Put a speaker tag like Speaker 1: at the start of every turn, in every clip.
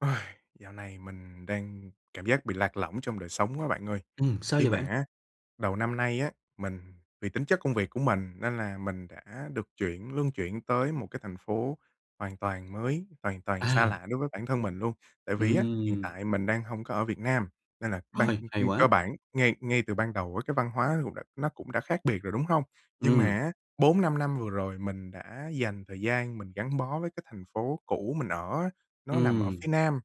Speaker 1: Uầy, dạo này mình đang cảm giác bị lạc lỏng trong đời sống quá bạn ơi.
Speaker 2: Ừm, sao
Speaker 1: Khi
Speaker 2: vậy
Speaker 1: mà
Speaker 2: bạn?
Speaker 1: á đầu năm nay á, mình vì tính chất công việc của mình nên là mình đã được chuyển luân chuyển tới một cái thành phố hoàn toàn mới, hoàn toàn xa
Speaker 2: À!
Speaker 1: lạ đối với bản thân mình luôn. Tại vì á, hiện
Speaker 2: Ừm.
Speaker 1: tại mình đang hông có ở Việt Nam nên là ban,
Speaker 2: Rồi,
Speaker 1: ưm,
Speaker 2: hay
Speaker 1: ưm cơ
Speaker 2: quá!
Speaker 1: bản ngay ngay từ ban đầu với cái văn hóa cũng đã nó cũng đã khác biệt rồi, đúng không? Nhưng
Speaker 2: Ừm.
Speaker 1: mà á, 4-5 năm vừa rồi mình đã dành thời gian mình gắn bó với cái thành phố cũ mình ở á, nó nằm ở
Speaker 2: Ừm.
Speaker 1: phía Nam,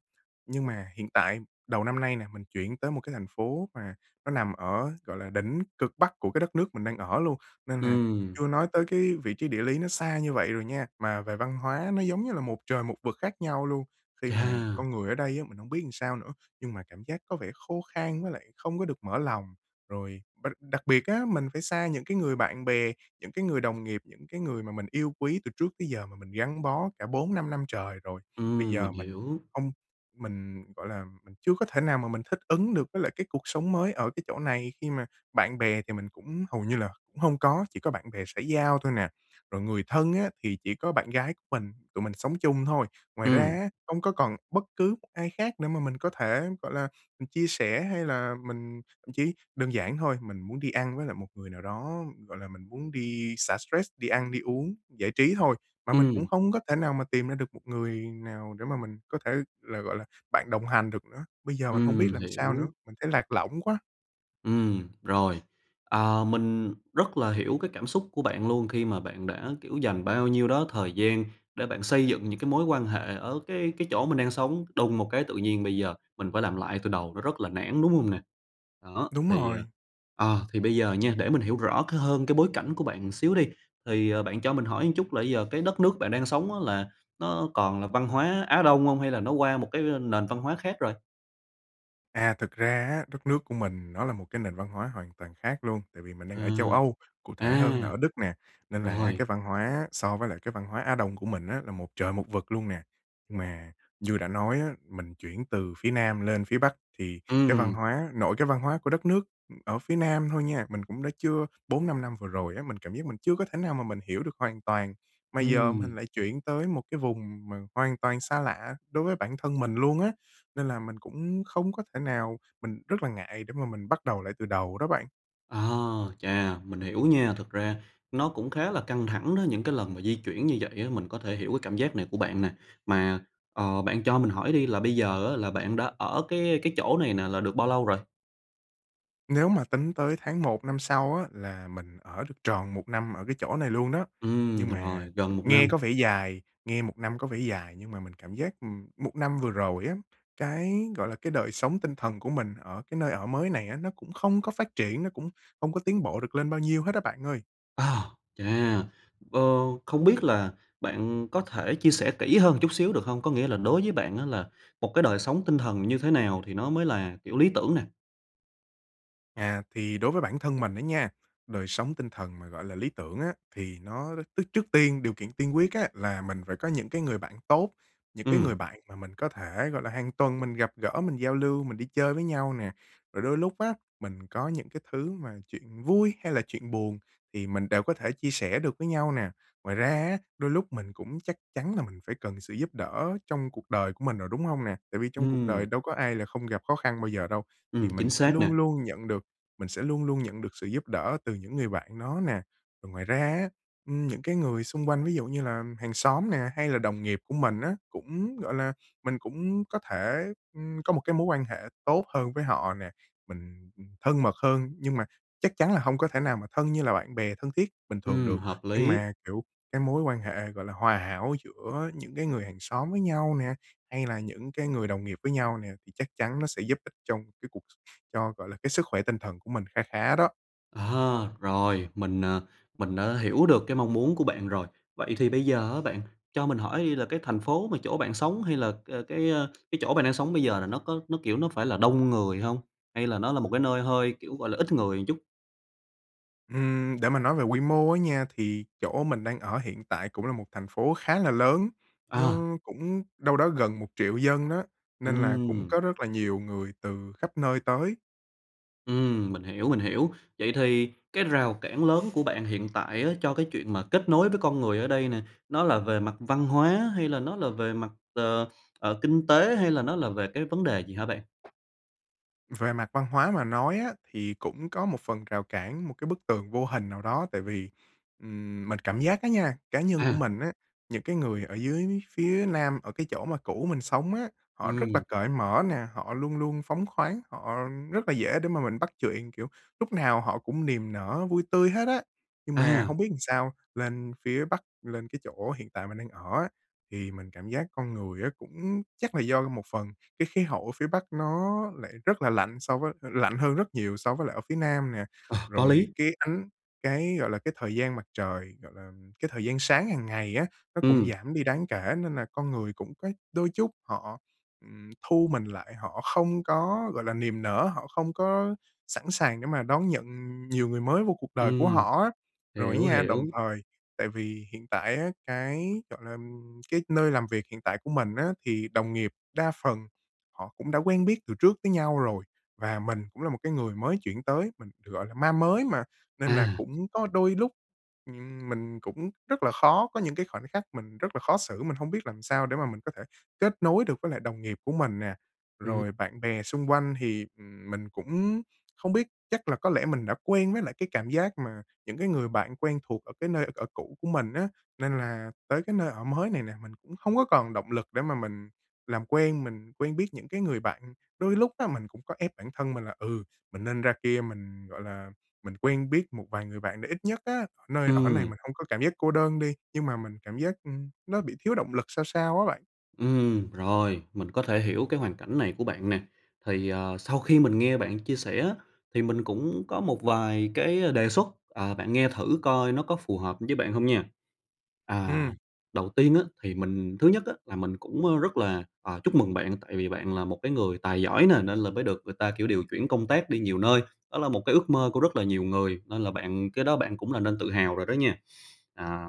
Speaker 1: nhưng mà hiện tại đầu năm nay nè, mình chuyển tới một cái thành phố mà nó nằm ở, gọi là, đỉnh cực bắc của cái đất nước mình đang ở luôn, nên là
Speaker 2: Ừm.
Speaker 1: chưa nói tới cái vị trí địa lý nó xa như vậy rồi nha, mà về văn hóa nó, giống như là, một trời một vực khác nhau luôn, khi mà
Speaker 2: Chà.
Speaker 1: con người ở đây á, mình hông biết làm sao nữa, nhưng mà cảm giác có vẻ khô khan với lại không có được mở lòng. Rồi b đặc đặc biệt á, mình phải xa những cái người bạn bè, những cái người đồng nghiệp, những cái người mà mình yêu quý từ trước tới giờ mà mình gắn bó cả 4-5 năm trời rồi. Bây
Speaker 2: Ừm,
Speaker 1: giờ
Speaker 2: mình
Speaker 1: mình
Speaker 2: hiểu.
Speaker 1: hông, mình, gọi là, mình chưa có thể nào mà mình thích ứng được với lại cái cuộc sống mới ở cái chỗ này khi mà bạn bè thì mình cũng hầu như là cũng hông có, chỉ có bạn bè xã giao thôi nè. Rồi người thân á thì chỉ có bạn gái của mình, tụi mình sống chung thôi. Ngoài ra
Speaker 2: Ừm.
Speaker 1: á, hông có còn bất cứ một ai khác để mà mình có thể, gọi là, ừm, chia sẻ hay là mình thậm chí đơn giản thôi, mình muốn đi ăn với lại một người nào đó, gọi là, mình muốn đi xả stress, đi ăn, đi uống, giải trí thôi mà mình cũng
Speaker 2: Ừm.
Speaker 1: không có thể nào mà tìm ra được một người nào để mà mình có thể là, gọi là, bạn đồng hành được nữa. Bây giờ mình hông biết
Speaker 2: Ừm,
Speaker 1: làm sao
Speaker 2: hiểu.
Speaker 1: nữa, mình thấy lạc lõng quá!
Speaker 2: Ừm, rồi. À, mình rất là hiểu cái cảm xúc của bạn luôn khi mà bạn đã, kiểu, dành bao nhiêu đó thời gian để bạn xây dựng những cái mối quan hệ ở cái cái chỗ mình đang sống. Đùng một cái tự nhiên bây giờ mình phải làm lại từ đầu, nó rất là nản, đúng hông nè? Đó,
Speaker 1: Đúng
Speaker 2: thì,
Speaker 1: rồi.
Speaker 2: ờ, à, thì bây giờ nha, để mình hiểu rõ cái hơn cái bối cảnh của bạn một xíu đi, thì, ờ, bạn cho mình hỏi một chút là bây giờ cái đất nước bạn đang sống á là nó còn là văn hóa Á Đông hông, hay là nó qua một cái nền văn hóa khác rồi?
Speaker 1: À, thực ra á, đất nước của mình nó là một cái nền văn hóa hoàn toàn khác luôn. Tại vì mình đang ở châu
Speaker 2: Ừm.
Speaker 1: Âu, cụ thể hơn là
Speaker 2: À!
Speaker 1: ở Đức nè, nên là á
Speaker 2: Rồi.
Speaker 1: cái văn hóa á so với lại cái văn hóa Á Đông của mình á là một trời một vực luôn nè. Mà như đã nói á, mình chuyển từ phía Nam lên phía Bắc thì cái văn
Speaker 2: Ừm.
Speaker 1: hóa nội cái văn hóa của đất nước, ừm, ở phía Nam thôi nha, mình cũng đã chưa 4-5 năm vừa rồi á, mình cảm giác mình chưa có thể nào mà mình hiểu được hoàn toàn. Mà giờ
Speaker 2: Ừm.
Speaker 1: mình lại chuyển tới một cái vùng mà hoàn toàn xa lạ đối với bản thân mình luôn á, nên là mình cũng không có thể nào mình rất là ngại để mà mình bắt đầu lại từ đầu đó bạn.
Speaker 2: À, chà! Mình hiểu nha, thực ra nó cũng khá là căng thẳng đó, những cái lần mà di chuyển như vậy á, mình có thể hiểu cái cảm giác này của bạn nè. Mà, ờ, bạn cho mình hỏi đi là bây giờ á là bạn đã ở cái cái chỗ này nè là được bao lâu rồi?
Speaker 1: Nếu mà tính tới tháng 1 năm sau á là mình ở được tròn 1 năm ở cái chỗ này luôn đó.
Speaker 2: Ừm,
Speaker 1: Nhưng mà
Speaker 2: rồi, gần 1
Speaker 1: nghe
Speaker 2: năm.
Speaker 1: có vẻ dài, nghe 1 năm có vẻ dài, nhưng mà mình cảm giác, ừm, một năm vừa rồi á, cái, gọi là, cái đời sống tinh thần của mình ở cái nơi ở mới này á nó cũng không có phát triển, nó cũng hông có tiến bộ được lên bao nhiêu hết á bạn ơi.
Speaker 2: À, chà! Ờ, không biết là bạn có thể chia sẻ kỹ hơn chút xíu, được hông? Có nghĩa là đối với bạn á là một cái đời sống tinh thần như thế nào thì nó mới là, kiểu, lý tưởng nè?
Speaker 1: À, thì đối với bản thân mình á nha, đời sống tinh thần mà, gọi là, lý tưởng á thì nó rất tước trước tiên, điều kiện tiên quyết á là mình phải có những cái người bạn tốt, những cái
Speaker 2: Ừm.
Speaker 1: người bạn mà mình có thể, gọi là, hàng tuần mình gặp gỡ, mình giao lưu, mình đi chơi với nhau nè. Rồi đôi lúc á, mình có những cái thứ mà chuyện vui hay là chuyện buồn thì mình đều có thể chia sẻ được với nhau nè. Ngoài ra á, đôi lúc mình cũng chắc chắn là mình phải cần sự giúp đỡ trong cuộc đời của mình rồi, đúng hông nè? Tại vì trong cuộc đời
Speaker 2: Ừm.
Speaker 1: đâu có ai là không gặp khó khăn bao giờ đâu,
Speaker 2: Ừm,
Speaker 1: thì mình
Speaker 2: chính
Speaker 1: sẽ
Speaker 2: xác nè.
Speaker 1: luôn luôn nhận được mình sẽ luôn luôn nhận được sự giúp đỡ từ những người bạn nó nè. Ừm, ngoài ra á, ưm, những cái người xung quanh ví dụ như là hàng xóm nè hay là đồng nghiệp của mình á, cũng, gọi là mình cũng có thể, ừm, có một cái mối quan hệ tốt hơn với họ nè, mình, ừm, thân mật hơn nhưng mà chắc chắn là hông có thể nào mà thân như là bạn bè thân thiết bình thường
Speaker 2: Ừm,
Speaker 1: được.
Speaker 2: hợp
Speaker 1: Nhưng
Speaker 2: lý.
Speaker 1: mà, kiểu, cái mối quan hệ, gọi là, hòa hảo giữa những cái người hàng xóm với nhau nè, hay là những cái người đồng nghiệp với nhau nè thì chắc chắn nó sẽ giúp ích trong cái cuộc cho, gọi là, cái sức khỏe tinh thần của mình kha khá đó.
Speaker 2: À, rồi, mình, à, mình đã hiểu được cái mong muốn của bạn rồi. Vậy thì bây giờ á bạn cho mình hỏi đi là cái thành phố mà chỗ bạn sống, hay là, ờ, cái, ờ, cái chỗ bạn đang sống bây giờ là nó có nó, kiểu, nó phải là đông người hông? Hay là nó là một cái nơi hơi, kiểu, gọi là, ít người chút?
Speaker 1: Ừm, để mà nói về quy mô á nha thì chỗ mình đang ở hiện tại cũng là một thành phố khá là lớn,
Speaker 2: Ờ.
Speaker 1: nó cũng đâu đó gần 1.000.000 dân á, nên là cũng
Speaker 2: Ừm.
Speaker 1: có rất là nhiều người từ khắp nơi tới.
Speaker 2: Ừm, mình hiểu, mình hiểu. Vậy thì cái rào cản lớn của bạn hiện tại á cho cái chuyện mà kết nối với con người ở đây nè, nó là về mặt văn hóa, hay là nó là về mặt, ờ, ờ, kinh tế, hay là nó là về cái vấn đề gì hả bạn?
Speaker 1: Về mặt văn hóa mà nói á thì cũng có một phần rào cản, một cái bức tường vô hình nào đó tại vì, ừm, mình cảm giác á nha, cá nhân của
Speaker 2: À!
Speaker 1: mình á, những cái người ở dưới phía Nam ở cái chỗ mà cũ mình sống á, họ rất là
Speaker 2: Ừm.
Speaker 1: cởi mở nè, họ luôn luôn phóng khoáng, họ rất là dễ để mà mình bắt chuyện, kiểu, lúc nào họ cũng niềm nở vui tươi hết á. Nhưng mà
Speaker 2: À!
Speaker 1: hông biết làm sao lên phía Bắc, lên cái chỗ hiện tại mình đang ở á, thì mình cảm giác con người á cũng chắc là do một phần cái khí hậu ở phía Bắc nó lại rất là lạnh so với lạnh hơn rất nhiều so với lại ở phía Nam nè,
Speaker 2: Ờ, có
Speaker 1: rồi
Speaker 2: lý!
Speaker 1: cái ánh cái, gọi là, cái thời gian mặt trời, gọi làm, cái thời gian sáng hàng ngày á, nó cũng
Speaker 2: Ừm.
Speaker 1: giảm đi đáng kể nên là con người cũng có đôi chút họ, ừm, thu mình lại, họ không có, gọi là, niềm nở, họ không có sẵn sàng để mà đón nhận nhiều người mới vô cuộc đời của
Speaker 2: Ừm,
Speaker 1: họ á. Rồi á
Speaker 2: hiểu,
Speaker 1: nha,
Speaker 2: hiểu.
Speaker 1: đồng thời tại vì hiện tại á cái, gọi làm, cái nơi làm việc hiện tại của mình á thì đồng nghiệp đa phần họ cũng đã quen biết từ trước với nhau rồi và mình cũng là một cái người mới chuyển tới, mình, gọi là, ma mới mà, nên là
Speaker 2: À.
Speaker 1: cũng có đôi lúc, ừm, mình cũng rất là khó có những cái khoảnh khắc mình rất là khó xử, mình hông biết làm sao để mà mình có thể kết nối được với lại đồng nghiệp của mình nè.
Speaker 2: Ừm.
Speaker 1: Rồi bạn bè xung quanh thì, ừm, mình cũng không biết chắc là có lẽ mình đã quen với lại cái cảm giác mà những cái người bạn quen thuộc ở cái nơi ở cũ của mình á, nên là tới cái nơi ở mới này nè, mình cũng hông có còn động lực để mà mình làm quen, mình quen biết những cái người bạn. Đôi lúc á mình cũng có ép bản thân mình là, ừ, mình nên ra kia, mình, gọi là, mình quen biết một vài người bạn để ít nhất á ở nơi ở này
Speaker 2: Ừm.
Speaker 1: mình hông có cảm giác cô đơn đi, nhưng mà mình cảm giác, ưm, nó bị thiếu động lực sao sao á bạn.
Speaker 2: Ừm, rồi, mình có thể hiểu cái hoàn cảnh này của bạn nè. Thì, ờ, sau khi mình nghe bạn chia sẻ á thì mình cũng có một vài cái đề xuất, à, bạn nghe thử coi nó có phù hợp với bạn hông nha. À,
Speaker 1: Ừm.
Speaker 2: đầu tiên á thì mình thứ nhất á, là mình cũng, a, rất là, à, chúc mừng bạn tại vì bạn là một cái người tài giỏi nè nên là mới được người ta, kiểu, điều chuyển công tác đi nhiều nơi. Đó là một cái ước mơ của rất là nhiều người nên là bạn cái đó bạn cũng nên tự hào rồi đó nha. À,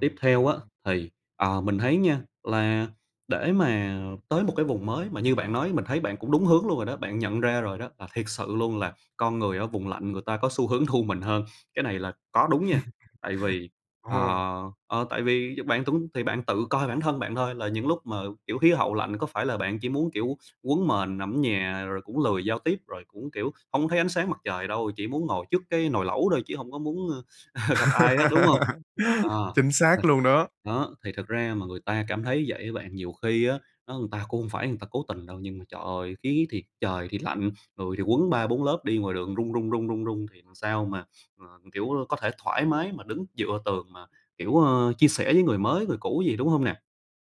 Speaker 2: tiếp theo
Speaker 1: hay
Speaker 2: á
Speaker 1: ha.
Speaker 2: thì, ờ, mình thấy nha là để mà tới một cái vùng mới mà như bạn nói, mình thấy bạn cũng đúng hướng luôn rồi đó. Bạn nhận ra rồi đó là thiệt sự luôn là con người ở vùng lạnh người ta có xu hướng thu mình hơn. Cái này là có đúng nha, tại vì,
Speaker 1: Ồ.
Speaker 2: ờ, ờ, tại vì bạn túng thì bạn tự coi bản thân bạn thôi là những lúc mà, kiểu, khí hậu lạnh có phải là bạn chỉ muốn, kiểu, quấn mền nằm ở nhà rồi cũng lười giao tiếp, rồi cũng, kiểu, hông có thấy ánh sáng mặt trời đâu, chỉ muốn ngồi trước cái nồi lẩu thôi chứ hông có muốn gặp ai hết, đúng hông? À,
Speaker 1: Chính xác
Speaker 2: [unintelligible]
Speaker 1: luôn đó.
Speaker 2: đó, thì thật ra mà người ta cảm thấy vậy á bạn, nhiều khi á, á người ta cũng hông phải người ta cố tình đâu. Nhưng mà trời ơi, khí thì trời thì lạnh, người thì quấn 3, 4 lớp, đi ngoài đường run, run, run, run, run thì làm sao mà, à, kiểu, có thể thoải mái mà đứng dựa tường mà, kiểu, ờ, chia sẻ với người mới, người cũ gì, đúng hông nè?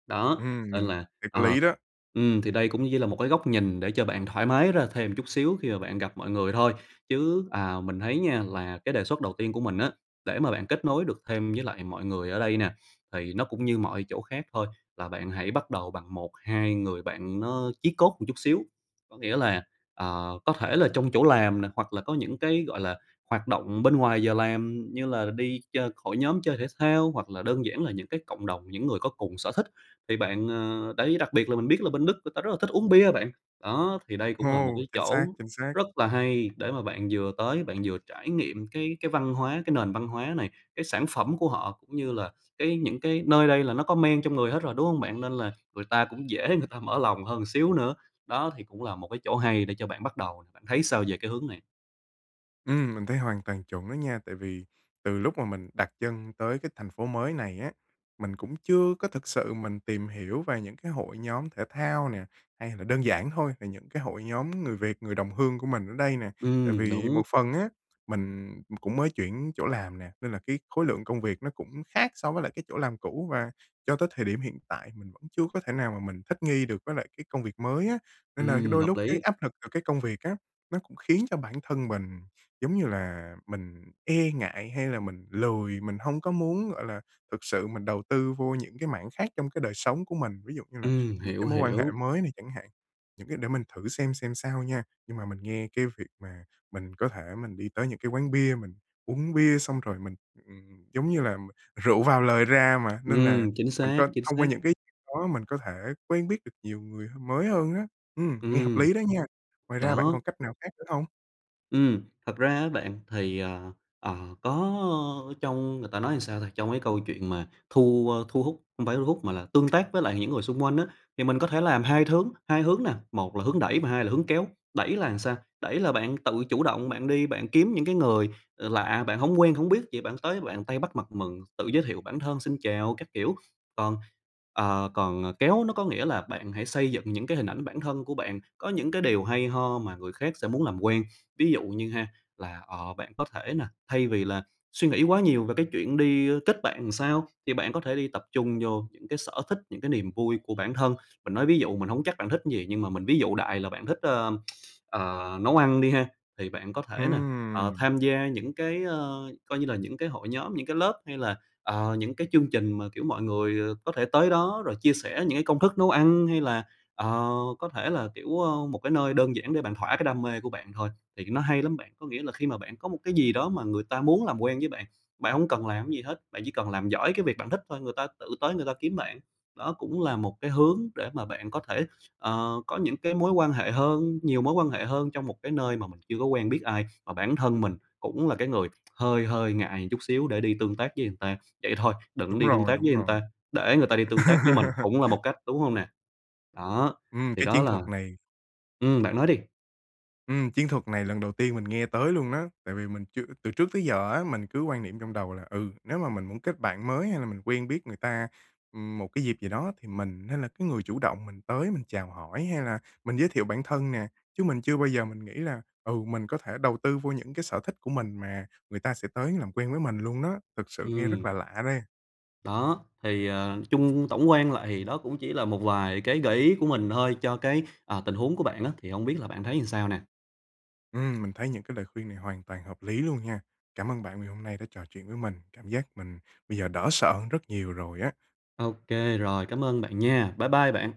Speaker 2: Đó,
Speaker 1: Ừm,
Speaker 2: nên
Speaker 1: mình
Speaker 2: là,
Speaker 1: thấy có
Speaker 2: ờ,
Speaker 1: lý đó.
Speaker 2: ừm, thì đây cũng như là một cái góc nhìn để cho bạn thoải mái ra thêm chút xíu khi mà bạn gặp mọi người thôi. Chứ, à, mình thấy nha là cái đề xuất đầu tiên của mình á, để mà bạn kết nối được thêm với lại mọi người ở đây nè, thì nó cũng như mọi chỗ khác thôi, là bạn hãy bắt đầu bằng 1, 2 người bạn nó chí cốt một chút xíu. Có nghĩa là, ờ, có thể là trong chỗ làm nè hoặc là có những cái, gọi là, hoạt động bên ngoài giờ làm như là đi ch hội nhóm, chơi thể thao hoặc là đơn giản là những cái cộng đồng, những người có cùng sở thích thì bạn, ờ đấy, đặc biệt là mình biết là bên Đức người ta rất là thích uống bia bạn. Đó, thì đây cũng là một
Speaker 1: Ồ,
Speaker 2: cái
Speaker 1: chính xác,
Speaker 2: chỗ
Speaker 1: chính xác.
Speaker 2: rất là hay để mà bạn vừa tới, bạn vừa trải nghiệm cái cái văn hóa, cái nền văn hóa này, cái sản phẩm của họ cũng như là cái những cái nơi đây là nó có men trong người hết rồi, đúng hông bạn? Nên là người ta cũng dễ người ta mở lòng hơn một xíu nữa. Đó thì cũng là một cái chỗ hay để cho bạn bắt đầu nè. Bạn thấy sao về cái hướng này?
Speaker 1: Ừm, mình thấy hoàn toàn chuẩn đó nha. Tại vì từ lúc mà mình đặt chân tới cái thành phố mới này á, mình cũng chưa có thực sự mình tìm hiểu về những cái hội nhóm thể thao nè, hay là đơn giản thôi, là những cái hội nhóm người Việt, người đồng hương của mình ở đây nè. Tại
Speaker 2: Ừm,
Speaker 1: vì
Speaker 2: đúng.
Speaker 1: một phần á, mình cũng mới chuyển chỗ làm nè, nên là cái khối lượng công việc nó cũng khác so với lại cái chỗ làm cũ và cho tới thời điểm hiện tại mình vẫn chưa có thể nào mà mình thích nghi được với lại cái công việc mới á. Nên là
Speaker 2: Ừm,
Speaker 1: đôi
Speaker 2: hợp
Speaker 1: lúc cái
Speaker 2: lý.
Speaker 1: áp lực từ cái công việc á, nó cũng khiến cho bản thân mình giống như là mình e ngại hay là mình lười, mình hông có muốn, gọi là, thực sự mình đầu tư vô những cái mảng khác trong cái đời sống của mình, ví dụ như là
Speaker 2: Ừm,
Speaker 1: những
Speaker 2: hiểu,
Speaker 1: cái mối quan hệ
Speaker 2: hiểu.
Speaker 1: mới này chẳng hạn. Những cái để mình thử xem xem sao nha. Nhưng mà mình nghe cái việc mà mình có thể mình đi tới những cái quán bia, mình uống bia, xong rồi mình, ừm, giống như là rượu vào lời ra mà, nên là
Speaker 2: Ừm, chính
Speaker 1: mình c
Speaker 2: xác, chính
Speaker 1: thông qua
Speaker 2: xác.
Speaker 1: những cái chuyện đó mình có thể quen biết được nhiều người mới hơn á. Ừm, nghe hợp
Speaker 2: Ừm.
Speaker 1: lý đó nha. Ngoài ra bạn
Speaker 2: Đó.
Speaker 1: còn cách nào khác nữa hông?
Speaker 2: Ừm, thật ra á bạn thì, à, à, có trong người ta nói sao ta, trong cái câu chuyện mà thu, a, thu hút không phải thu hút mà là tương tác với lại những người xung quanh á, thì mình có thể làm hai thướng hai hướng nè. Một là hướng đẩy và hai là hướng kéo. Đẩy là làm sao? Đẩy là bạn tự chủ động, bạn đi, bạn kiếm những cái người, ờ, lạ, bạn hổng quen hổng biết, vậy bạn tới bạn tay bắt mặt mừng, tự giới thiệu bản thân, xin chào các kiểu. Còn, ờ, còn kéo nó có nghĩa là bạn hãy xây dựng những cái hình ảnh bản thân của bạn, có những cái điều hay ho mà người khác sẽ muốn làm quen. Ví dụ như ha là, ờ, bạn có thể là thay vì là suy nghĩ quá nhiều về cái chuyện đi kết bạn sao, thì bạn có thể đi tập trung vô những cái sở thích, những cái niềm vui của bản thân. Mình nói ví dụ, mình hông chắc bạn thích cái gì nhưng mà mình ví dụ đại là bạn thích, ờ, ờ, nấu ăn đi ha. Thì bạn có thể nè, ờ,
Speaker 1: Ừm.
Speaker 2: tham gia những cái, ờ, coi như là những cái hội nhóm, những cái lớp hay là, ờ, những cái chương trình mà, kiểu, mọi người có thể tới đó rồi chia sẻ những cái công thức nấu ăn hay là, ờ, có thể là, kiểu, ơ, một cái nơi đơn giản để bạn thỏa cái đam mê của bạn thôi, thì nó hay lắm bạn. Có nghĩa là khi mà bạn có một cái gì đó mà người ta muốn làm quen với bạn, bạn hông cần làm cái gì hết, bạn chỉ cần làm giỏi cái việc bạn thích thôi, người ta tự tới người ta kiếm bạn. Đó cũng là một cái hướng để mà bạn có thể, ờ, có những cái mối quan hệ hơn, nhiều mối quan hệ hơn trong một cái nơi mà mình chưa có quen biết ai, mà bản thân mình cũng là cái người hơi hơi ngại chút xíu để đi tương tác với người ta. Vậy thôi, đừng
Speaker 1: Đúng
Speaker 2: đi tương
Speaker 1: rồi,
Speaker 2: tác
Speaker 1: đúng
Speaker 2: với người
Speaker 1: rồi.
Speaker 2: ta, để người ta đi tương tác với mình cũng là một cách, đúng hông nè? Đó,
Speaker 1: Ừm,
Speaker 2: thì
Speaker 1: cái
Speaker 2: đó
Speaker 1: chiến
Speaker 2: là
Speaker 1: thuật này
Speaker 2: Ừm, bạn nói đi.
Speaker 1: Ừm, chiến thuật này lần đầu tiên mình nghe tới luôn á, tại vì mình chưa từ trước tới giờ á, mình cứ quan niệm trong đầu là, ừ, nếu mà mình muốn kết bạn mới hay là mình quen biết người ta, ừm, một cái dịp gì đó thì mình nên là cái người chủ động, mình tới mình chào hỏi hay là mình giới thiệu bản thân nè. Chứ mình chưa bao giờ mình nghĩ là, ừ, mình có thể đầu tư vô những cái sở thích của mình mà người ta sẽ tới làm quen với mình luôn đó. Thực sự nghe rất
Speaker 2: Ừm.
Speaker 1: là lạ đây.
Speaker 2: Đó, thì, ờ, chung tổng quan lại thì đó cũng chỉ là một vài cái gợi ý của mình thôi cho cái, à, tình huống của bạn á, thì hông biết là bạn thấy sao nè?
Speaker 1: Ừm, mình thấy những cái lời khuyên này hoàn toàn hợp lý luôn nha. Cảm ơn bạn vì hôm nay đã trò chuyện với mình, cảm giác mình bây giờ đỡ sợ hơn rất nhiều rồi á.
Speaker 2: Ô kê rồi, cảm ơn bạn nha. Bye bye bạn.